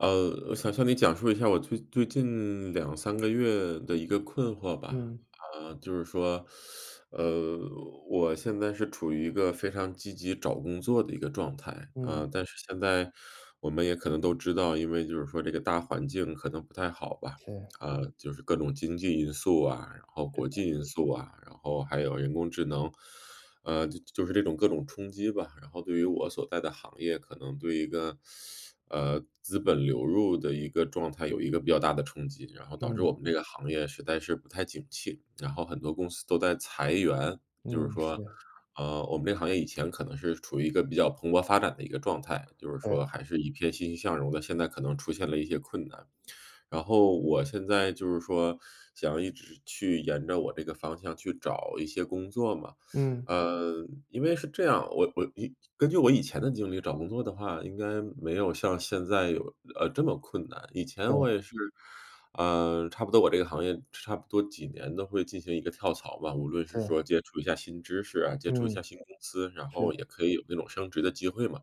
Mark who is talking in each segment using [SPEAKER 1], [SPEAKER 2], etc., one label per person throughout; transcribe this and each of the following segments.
[SPEAKER 1] 呃，我想向你讲述一下我最最近2-3个月的一个困惑吧。
[SPEAKER 2] 嗯。
[SPEAKER 1] 啊，就是说，呃，我现在是处于一个非常积极找工作的一个状态，
[SPEAKER 2] 嗯。
[SPEAKER 1] 啊，但是现在我们也可能都知道，因为就是说这个大环境可能不太好吧，
[SPEAKER 2] 是。
[SPEAKER 1] 啊，就是各种经济因素啊，然后
[SPEAKER 2] 对
[SPEAKER 1] 国
[SPEAKER 2] 的。
[SPEAKER 1] 际因素啊，然后还有人工智能，呃，就就是这种各种冲击吧。然后对于我所在的行业可能对一个，呃，资本流入的一个状态，有一个比较大的冲击，然后导致
[SPEAKER 2] 嗯。
[SPEAKER 1] 我们这个行业实在是不太景气，然后很多公司都在裁员。就是
[SPEAKER 2] 嗯，
[SPEAKER 1] 说，
[SPEAKER 2] 是。
[SPEAKER 1] 呃，我们这个行业以前可能是处于一个比较蓬勃发展的一个状态，就是
[SPEAKER 2] 对。
[SPEAKER 1] 说还是一片欣欣向荣的，现在可能出现了一些困难。然后我现在就是说，想一直去沿着我这个方向去找一些工作嘛。
[SPEAKER 2] 嗯。
[SPEAKER 1] 呃，因为是这样，我我因根据我以前的经历找工作的话，应该没有像现在有呃，这么困难。以前
[SPEAKER 2] 对。
[SPEAKER 1] 我也是，呃，差不多我这个行业，差不多几年都会进行一个跳槽吧。无论是
[SPEAKER 2] 是。
[SPEAKER 1] 说接触一下新知识啊，接触一
[SPEAKER 2] 嗯，
[SPEAKER 1] 下新公司，然
[SPEAKER 2] 是
[SPEAKER 1] 后
[SPEAKER 2] 的
[SPEAKER 1] 也可以有这种升职的机会嘛，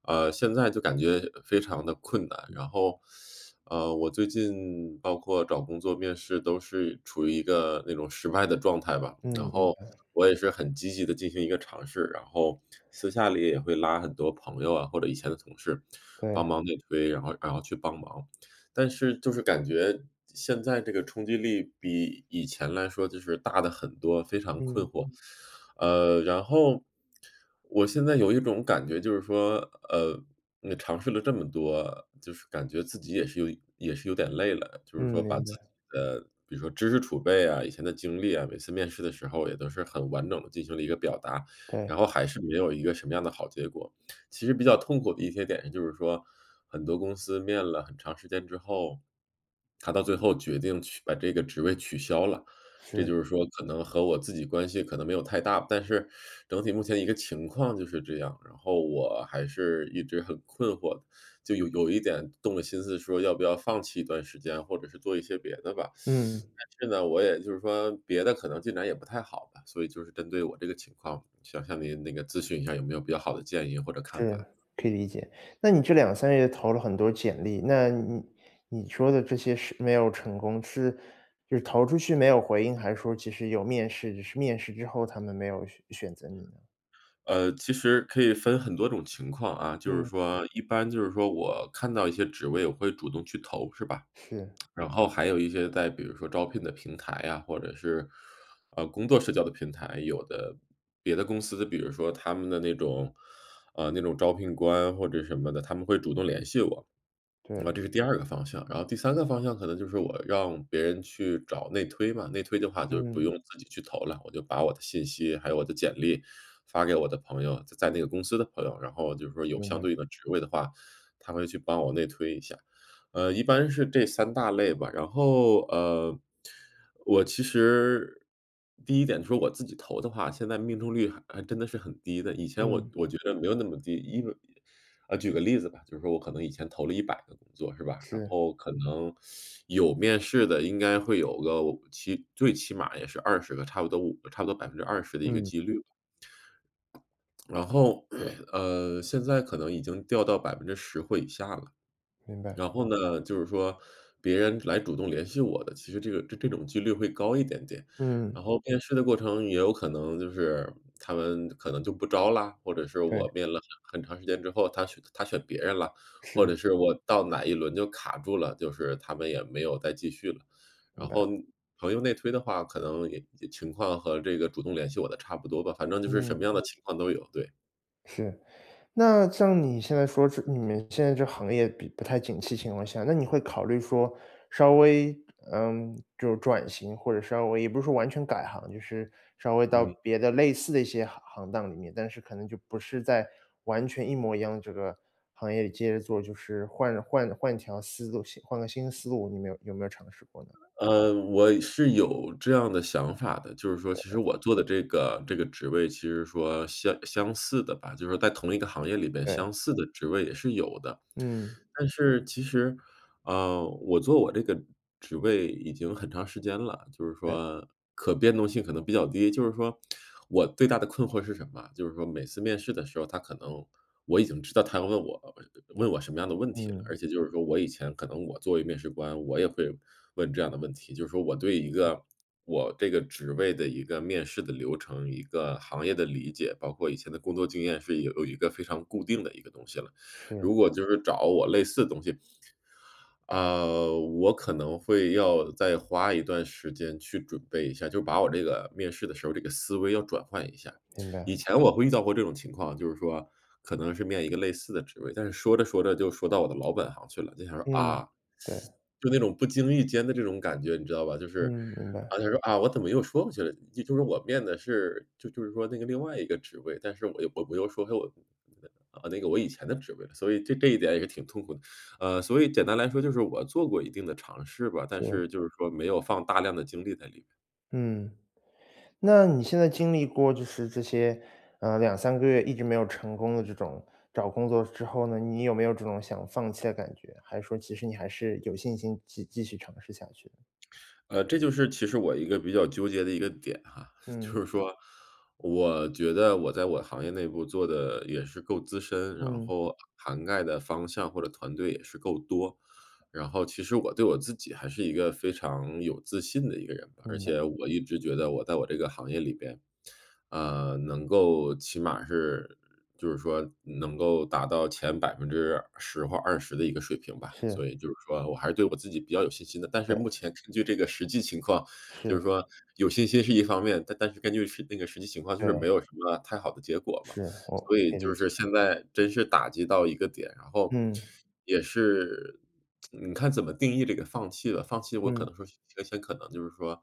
[SPEAKER 1] 啊，现在就感觉非常地困难。然后，呃，我最近包括找工作面试都是处于一个那种失败的状态吧，然
[SPEAKER 2] 嗯，嗯，
[SPEAKER 1] 后
[SPEAKER 2] 对。
[SPEAKER 1] 我也是很积极地进行一个尝试，然后私下里也会拉很多朋友啊，或者以前的同事帮
[SPEAKER 2] 对。
[SPEAKER 1] 忙内推，然后然后去帮忙。但是就是感觉，现在这个冲击力比以前来说就是大得很多，非常困
[SPEAKER 2] 嗯。
[SPEAKER 1] 惑。呃，然后我现在有一种感觉，就是说，呃，你尝试了这么多，就是感觉自己也是有也是有点累了，就是
[SPEAKER 2] 嗯，
[SPEAKER 1] 说把自
[SPEAKER 2] 明
[SPEAKER 1] 己
[SPEAKER 2] 白。
[SPEAKER 1] 的比如说知识储备呀，以前的经历啊，每次面试的时候也都是很完整地进行了一个表达，
[SPEAKER 2] 对。
[SPEAKER 1] 然后还是没有一个什么样的好结果。其实比较痛苦的一些点就是说，很多公司面了很长时间之后，它到最后决定取把这个职位取消了，这
[SPEAKER 2] 是。
[SPEAKER 1] 就是说可能和我自己关系可能没有太大，但是整体目前一个情况就是这样。然后我还是一直很困惑，就有有一点动了心思说要不要放弃一段时间，或者是做一些别的吧。
[SPEAKER 2] 嗯。
[SPEAKER 1] 但是呢，我也就是说别的可能进展也不太好吧。所以就是针对我这个情况，想向您那个咨询一下有没有比较好的建议或者看
[SPEAKER 2] 是，
[SPEAKER 1] 法？
[SPEAKER 2] 可以理解。那你这2-3个月投了很多简历，那你你你说的这些是没有成功，是就是投出去没有回应，还是说其实有面试，只是面试之后他们没有选选择你呢？
[SPEAKER 1] 呃，其实可以分很多种情况啊。就是
[SPEAKER 2] 嗯。
[SPEAKER 1] 说，一般就是说我看到一些职位我会主动去投，是吧。
[SPEAKER 2] 是。
[SPEAKER 1] 然后还有一些在比如说招聘的平台呀，或者是，呃，工作社交的平台，有的别的公司，比如说他们的那种呃，那种招聘官或者什么的，他们会主动联系我，啊，这
[SPEAKER 2] 对。
[SPEAKER 1] 是第2个方向。然后第3个方向可能就是我让别人去找内推嘛。内推的话就不
[SPEAKER 2] 嗯。
[SPEAKER 1] 用自己去投了，我就把我的信息，还有我的简历发给我的朋友在在那个公司的朋友。然后就是说有
[SPEAKER 2] 明
[SPEAKER 1] 相
[SPEAKER 2] 白。
[SPEAKER 1] 对的职位的话，他会去帮我内推一下。呃，一般是这3大类吧。然后，呃，我其实，第1点说我自己投的话，现在命中率还还真的是很低的。以前我
[SPEAKER 2] 嗯。
[SPEAKER 1] 我觉得没有那么低，因为啊，举个例子吧，就是说我可能以前投了100个工作，是吧？然
[SPEAKER 2] 是。
[SPEAKER 1] 后可能 有面试的应该会有个，哦，起最起码也是20个，差不多5差不多20%的一个
[SPEAKER 2] 嗯。
[SPEAKER 1] 几率吧。然后，呃，现在可能已经掉到10%或以下了。
[SPEAKER 2] 明白。
[SPEAKER 1] 然后呢，就是说别人来主动联系我的，其实这个这这种几率会高一点点。
[SPEAKER 2] 嗯。
[SPEAKER 1] 然后面试的过程，也有可能就是他们可能就不招啦？或者是
[SPEAKER 2] 对。
[SPEAKER 1] 我面了很很长时间之后，他选他选别人啦，或者
[SPEAKER 2] 是。
[SPEAKER 1] 是我到哪一轮就卡住了，就是他们也没有再继续了。
[SPEAKER 2] 明
[SPEAKER 1] 然后，
[SPEAKER 2] 白。
[SPEAKER 1] 那朋友内推的话可能也也情况和这个主动联系我的差不多吧，反正就是什么
[SPEAKER 2] 嗯。
[SPEAKER 1] 样的情况都有，对。
[SPEAKER 2] 是。那像你现在说是你们现在这行业毕不太景气情况下，那你会考虑说，稍微，嗯，就是转型，或者稍微也不是说完全改行，就是稍微到
[SPEAKER 1] 嗯。
[SPEAKER 2] 别的类似的一些行行当里面，但是可能就不是在完全一模一样这个行业里接着做，就是换换换条思路，新换个新思路，你没有有没有尝试过呢？
[SPEAKER 1] 嗯，我是有这样的想法的，就是说其实
[SPEAKER 2] 对。
[SPEAKER 1] 我做的这个这个职位其实说相相似的吧，就是在同一个行业里边
[SPEAKER 2] 对。
[SPEAKER 1] 相似的职位也是有的。
[SPEAKER 2] 嗯。
[SPEAKER 1] 但是其实，呃，我做我这个职位已经很长时间了，就是
[SPEAKER 2] 对。
[SPEAKER 1] 说可变动性可能比较低。就是说 我最大的困惑是什么？就是说每次面试的时候，他可能我已经知道他要问我问我什么样的问题了，而
[SPEAKER 2] 嗯。
[SPEAKER 1] 且就是说我以前可能我作为面试官，我也会问这样的问题，就是说我对一个，我这个职位的一个面试的流程，一个行业的理解，包括以前的工作经验是有有一个非常固定的一个东西了。
[SPEAKER 2] 是。
[SPEAKER 1] 如果就是找我类似东西，啊，我可能会要再花一段时间去准备一下，就把我这个面试的时候，这个思维要转换一下。
[SPEAKER 2] 明
[SPEAKER 1] 以
[SPEAKER 2] 白。
[SPEAKER 1] 前我会遇到过这种情况，就是说可能是面一个类似的职位，但是说着说着就说到我的老本行去了。就想说，
[SPEAKER 2] 嗯，
[SPEAKER 1] 啊，
[SPEAKER 2] 对。
[SPEAKER 1] 就那种不经意间的这种感觉，你知道吧？就是，
[SPEAKER 2] 嗯，明白。
[SPEAKER 1] 啊，他说：“啊，我怎么又说回去了？”就就是我面的是就就是说那个另外一个职位，但是我又我我又说回我 [unintelligible] 啊，那个我以前的职位，所以就这一点也挺痛苦的。啊，所以简单来说就是我做过一定的尝试吧，但
[SPEAKER 2] 是。
[SPEAKER 1] 是就是说没有放大量的精力在里边。
[SPEAKER 2] 嗯。那你现在经历过就是这些，呃，2-3个月一直没有成功的这种找工作之后呢，你有没有这种想放弃的感觉？还是说其实你还是有信心继继续尝试下去呢？
[SPEAKER 1] 呃，这就是其实我一个比较纠结的一个点哈。就
[SPEAKER 2] 嗯。
[SPEAKER 1] 是说我觉得我在我的行业内部做的也是够资深，然
[SPEAKER 2] 嗯。
[SPEAKER 1] 后涵盖的方向或者团队也是够多。然后其实我对我自己，还是一个非常有自信的一个人吧，而
[SPEAKER 2] 明白。
[SPEAKER 1] 且我一直觉得我在我这个行业里边，呃，能够起码是就是说能够达到前10%或20的一个水平吧，
[SPEAKER 2] 是。
[SPEAKER 1] 所以就是说我还是对我自己比较有信心的。但是目
[SPEAKER 2] 对。
[SPEAKER 1] 前根据这个实际情况，就是
[SPEAKER 2] 是。
[SPEAKER 1] 说有信心是一方面，但但是根据实那个实际情况就是
[SPEAKER 2] 对。
[SPEAKER 1] 没有什么太好的结果嘛，
[SPEAKER 2] 是，我
[SPEAKER 1] 所以
[SPEAKER 2] 可以理
[SPEAKER 1] 就
[SPEAKER 2] 解。
[SPEAKER 1] 是现在真是打击到一个点。然后，
[SPEAKER 2] 嗯。
[SPEAKER 1] 也是 你看怎么定义这个放弃了。放弃我可
[SPEAKER 2] 嗯。
[SPEAKER 1] 能说，先先可能就是说，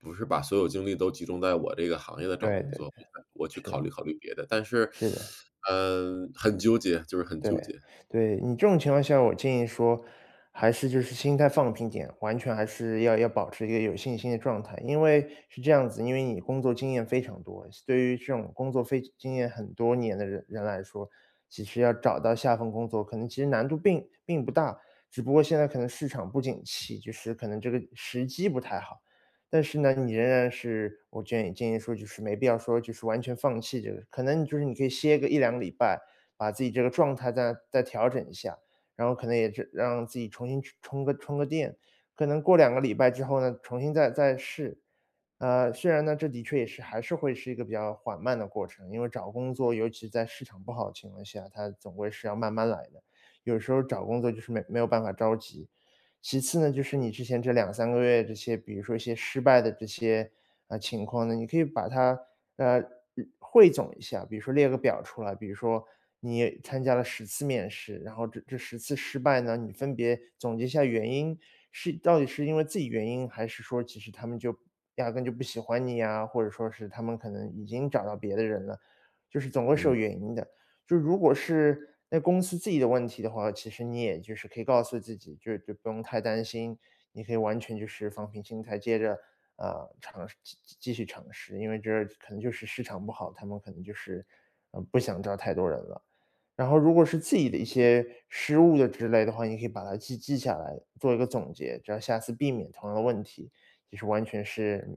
[SPEAKER 1] 不是把所有精力都集中在我这个行业的找
[SPEAKER 2] 对，
[SPEAKER 1] 工
[SPEAKER 2] 对，
[SPEAKER 1] 作部
[SPEAKER 2] 对，
[SPEAKER 1] 分，我去考
[SPEAKER 2] 是。
[SPEAKER 1] 虑考虑别的。但是，
[SPEAKER 2] 是的。
[SPEAKER 1] 呃，很纠结，就是很
[SPEAKER 2] 对，
[SPEAKER 1] 纠结。
[SPEAKER 2] 对。你这种情况下，我建议说，还是就是心态放平点，完全还是要要保持一个有信心的状态。因为是这样子，因为你工作经验非常多，像对于这种工作非经验很多年的人人来说，其实要找到下份工作，可能其实难度并并不大。只不过现在可能市场不景气，就是可能这个时机不太好。但是呢，你仍然是我建议建议说，就是没必要说就是完全放弃这个。可能就是你可以歇个1-2个礼拜，把自己这个状态再再调整一下，然后可能也是让自己重新充充个充个电。可能过2个礼拜之后呢，重新再再试。啊，虽然呢，这的确也是，还是会是一个比较缓慢的过程，因为找工作，尤其在市场不好的情况下，它总归是要慢慢来的。有的时候找工作就是没没有办法着急。其次呢，就是你之前这2-3个月这些，比如说一些失败的这些，呃，情况呢，你可以把它，呃，日汇总一下，比如说列个表出来，比如说你也参加了10次面试，然后这这10次失败呢，你分别总结一下原因，是到底是因为自己原因，还是说其实他们就压根就不喜欢你呀，或者说是他们可能已经找到别的人了，就是总归是
[SPEAKER 1] 嗯。
[SPEAKER 2] 有原因的。就如果是那公司自己的问题的话，其实你也就是可以告诉自己，就是就不用太担心，你可以完全就是放平心态，接着，啊，尝试继继继续尝试。因为这是可能就是市场不好，他们可能就是，嗯，不想招太多人了。然后如果是自己的一些失误的之类的话，你可以把它记记下来，做一个总结，只要下次避免同样的问题，也是完全是，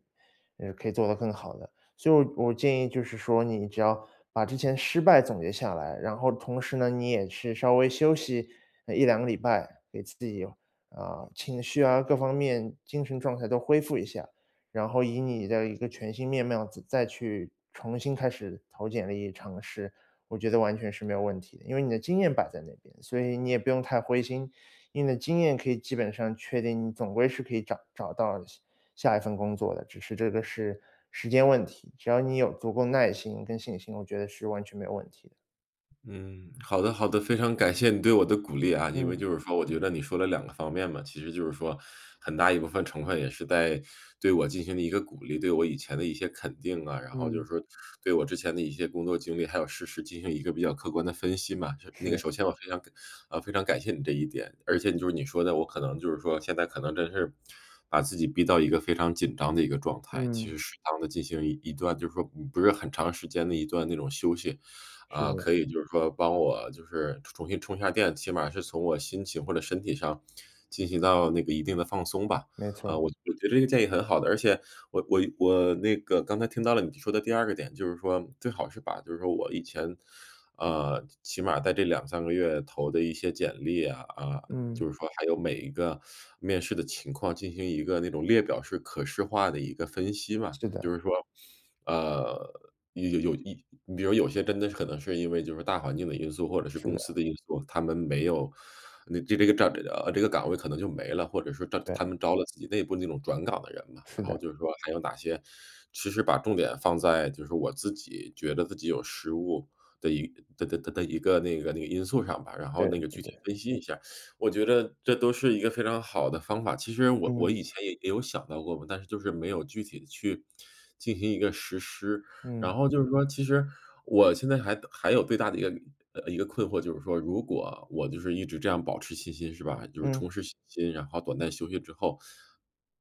[SPEAKER 2] 呃，可以做得更好的。所以我我建议就是说，你只要把之前失败总结下来，然后同时呢，你也是稍微休息，呃，1-2个礼拜，给自己，啊，情绪啊，各方面精神状态都恢复一下，然后以你的一个全新面貌再再去重新开始投简历尝试，我觉得完全是没有问题的，因为你的经验摆在那边，所以你也不用太灰心。以你的经验可以基本上确定，你总归是可以找找到下下一份工作的，只是这个是时间问题。只要你有足够耐心跟信心，我觉得是完全没有问题的。
[SPEAKER 1] 嗯，好的好的。非常感谢你对我的鼓励啊，因为
[SPEAKER 2] 嗯。
[SPEAKER 1] 就是说我觉得你说了2个方面嘛。其实就是说很大一部分成分，也是在对我进行了一个鼓励，对我以前的一些肯定啊。然后就是
[SPEAKER 2] 嗯。
[SPEAKER 1] 说对我之前的一些工作经历，还有事实进行一个比较客观的分析嘛。就那个
[SPEAKER 2] 是。
[SPEAKER 1] 首先我非常感呃，非常感谢你这一点。而且你就是你说的，我可能就是说现在可能真是，把自己逼到一个非常紧张的一个状态。其
[SPEAKER 2] 嗯。
[SPEAKER 1] 实适当地进行一一段就是说不不是很长时间的一段那种休息，
[SPEAKER 2] 是
[SPEAKER 1] 啊，可
[SPEAKER 2] 的。
[SPEAKER 1] 以就是说帮我就是重重新充一下电，起码是从我心情或者身体上，进行到那个一定的放松吧。
[SPEAKER 2] 没
[SPEAKER 1] 呃，
[SPEAKER 2] 错。
[SPEAKER 1] 我我觉得这个建议很好的，而且我我我那个刚才听到了你说的第2个点，就是说最好是把就是说我以前，呃，起起码在这2-3个月投的一些简历啊，啊，就
[SPEAKER 2] 嗯。
[SPEAKER 1] 是说还有每一个 面试的情况，进行一个那种列表式、可视化的一个分析嘛。
[SPEAKER 2] 是
[SPEAKER 1] 就
[SPEAKER 2] 的。
[SPEAKER 1] 是说，呃，有有有一你比如有些真的可能是因为就是大环境的因素，或者是
[SPEAKER 2] 是
[SPEAKER 1] 公司
[SPEAKER 2] 的。
[SPEAKER 1] 的因素，他们没有那这这个站没了啊呃，这个岗位可能就没了，或者是招他他
[SPEAKER 2] 对。
[SPEAKER 1] 们招了自己内部那种转岗的人嘛，
[SPEAKER 2] 是
[SPEAKER 1] 然后
[SPEAKER 2] 的。
[SPEAKER 1] 就是说，还有哪些其实把重点放在，就是我自己觉得自己有失误的一的的的的一个，那个那个因素上吧，然后
[SPEAKER 2] 对，
[SPEAKER 1] 那个
[SPEAKER 2] 对
[SPEAKER 1] 具体
[SPEAKER 2] 对。
[SPEAKER 1] 分析一下，我觉得这都是一个非常好的方法。其实我
[SPEAKER 2] 嗯。
[SPEAKER 1] 我以前也也有想到过嘛，但是就是没有具体地去进行一个实施。
[SPEAKER 2] 嗯。
[SPEAKER 1] 然后就是说，其实我现在还还有最大的一个呃，一个困惑就是说，如果我就是一直这样保持信心，是吧？就是
[SPEAKER 2] 嗯。
[SPEAKER 1] 重拾信心，然后短暂休息之后，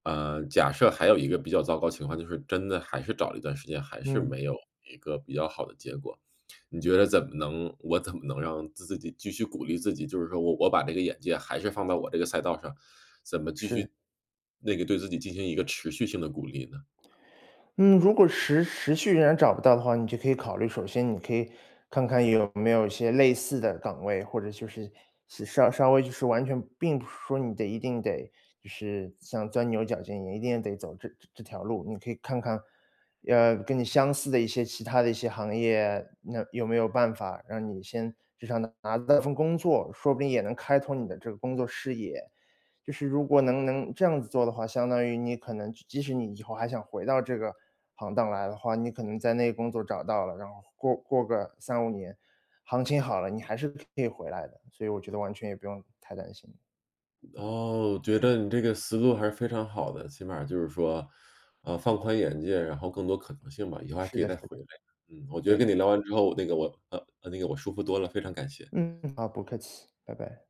[SPEAKER 1] 呃，假设还有一个比较糟糕情况，就是真的还是找了一段时间，还是
[SPEAKER 2] 嗯。
[SPEAKER 1] 没有一个比较好的结果，你觉得怎么能我怎么能让自己继续鼓励自己，就是说我我把这个眼界还是放到我这个赛道上，怎么继
[SPEAKER 2] 是。
[SPEAKER 1] 续那个对自己进行一个持续性地鼓励呢？
[SPEAKER 2] 嗯。如果持持续仍然找不到的话，你就可以考虑，首先你可以看看有没有一些类似的岗位，或者就是是稍稍微就是完全并不是说你得一定得就是像钻牛角尖，也一定得走这这条路。你可以看看，呃，跟你相似的一些其他的一些行业，那有没有办法，让你先就像拿拿到份工作，说不定也能开拓你的这个工作视野。就是如果能能这样子做的话，相当于你可能即即使你以后还想回到这个行当来的话，你可能在那工作找到了，然后过过个3-5年，行情好了，你还是可以回来的。所以我觉得完全也不用太担心。
[SPEAKER 1] 哦，觉得你这个思路还是非常好的。起码儿就是说，啊，放宽眼界，然后更多可能性吧，以后还
[SPEAKER 2] 是
[SPEAKER 1] 可以
[SPEAKER 2] 的，是
[SPEAKER 1] 再回来，
[SPEAKER 2] 的，
[SPEAKER 1] 嗯。我觉得
[SPEAKER 2] 对的。
[SPEAKER 1] 跟你聊完之后，那个我呃，那个我舒服多了，非常感谢。
[SPEAKER 2] 嗯，好，不客气，拜拜。